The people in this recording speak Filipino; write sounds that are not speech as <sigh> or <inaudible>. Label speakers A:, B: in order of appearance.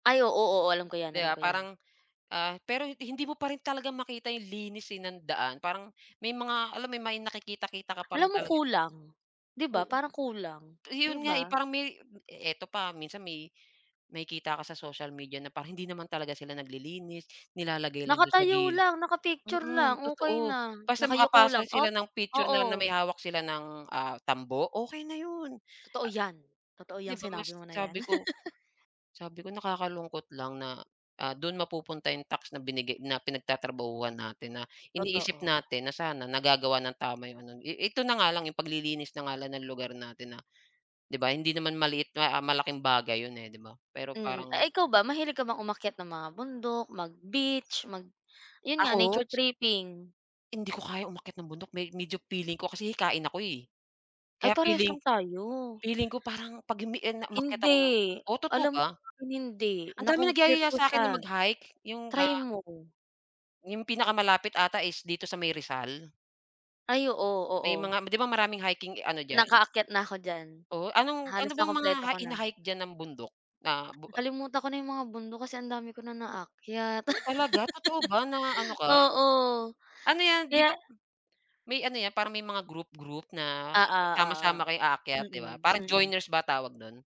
A: Ay, oo. Oo, alam ko 'yan,
B: 'Di
A: alam
B: ba,
A: ko 'yan.
B: parang, ah, pero hin hindi mo pa rin talaga makita 'yung linis, eh, nang daan parang may mga alam mo 'yun may nakikita-kita ka pa rin
A: Alam mo
B: talagan
A: kulang, 'di ba,
B: Oo.
A: parang kulang, 'di
B: 'Yun nga, eh,
A: ba?
B: parang may ito pa minsan may makikita ka sa social media na pang hindi naman talaga sila naglilinis, nilalagay lang do'n sa
A: Nakatayo
B: gilid,
A: lang, naka-picture
B: mm,
A: lang, okey
B: totoo
A: na,
B: basta
A: nakayuko lang
B: makapasa
A: o
B: sila ng picture na na
A: oo.
B: may hawak sila ng, ah, tambo, okey na 'yun.
A: Totoo
B: Ah
A: 'yan, totoo
B: 'di
A: 'yang
B: ba mas
A: sinabi mo na 'yan.
B: sabi ko
A: <laughs>
B: sabi ko nakakalungkot lang na, ah, do'n mapupunta 'yung tax na binigay na pinagtatrabahuhan natin, na iniisip
A: Totoo.
B: natin na sana nagagawa nang tama 'yung ano, i ito na nga lang 'yung paglilinis na nga lang ng lugar natin na, 'di ba, hindi naman maliit na, ah, malaking bagay 'yun, eh, 'di ba, pero
A: Mm.
B: parang
A: Ay, ikaw ba mahilig ka bang umakyat ng mga bundok, mag-beach mag, 'yun nga,
B: Ako?
A: nature tripping?
B: Hindi ko kaya umakyat ng bundok me medyo feeling ko kasi hikain ako, eh.
A: Ay,
B: Kaya
A: parehas lang
B: feeling
A: tayo.
B: feeling ko parang 'pag umini a, na umakyat
A: Hindi,
B: ako ng oh, totoo
A: alam mo
B: ba?
A: sa'kin hindi,
B: Andaming
A: na-conquer
B: nagyayaya
A: ko siya,
B: sa'kin na mag-hike, 'yung ga
A: try mo.
B: 'Yung pinakamalapit ata is dito sa may Rizal.
A: Ay, oo,
B: May
A: oo.
B: mga 'di ba, maraming hiking ano diyan?
A: Nakaakyat na'ko diyan.
B: Oh, anong, ano
A: Halos
B: bang mga
A: nakumpleto
B: hi
A: ko na.
B: hina-hike diyan nam bundok? Na bu ah
A: Nakalimutan ko na 'yung mga bundok kasi ang dami ko na naakyat.
B: Oh, talaga totoo ba, na ano
A: <laughs>
B: ka?
A: Oo
B: Ano 'yan, 'di
A: kaya
B: ba may ano 'yan, parang may mga group group na
A: Oo, oo.
B: sama-sama kayo aakyat 'di ba,
A: Mm,
B: parang
A: mm.
B: joiners ba tawag no'n?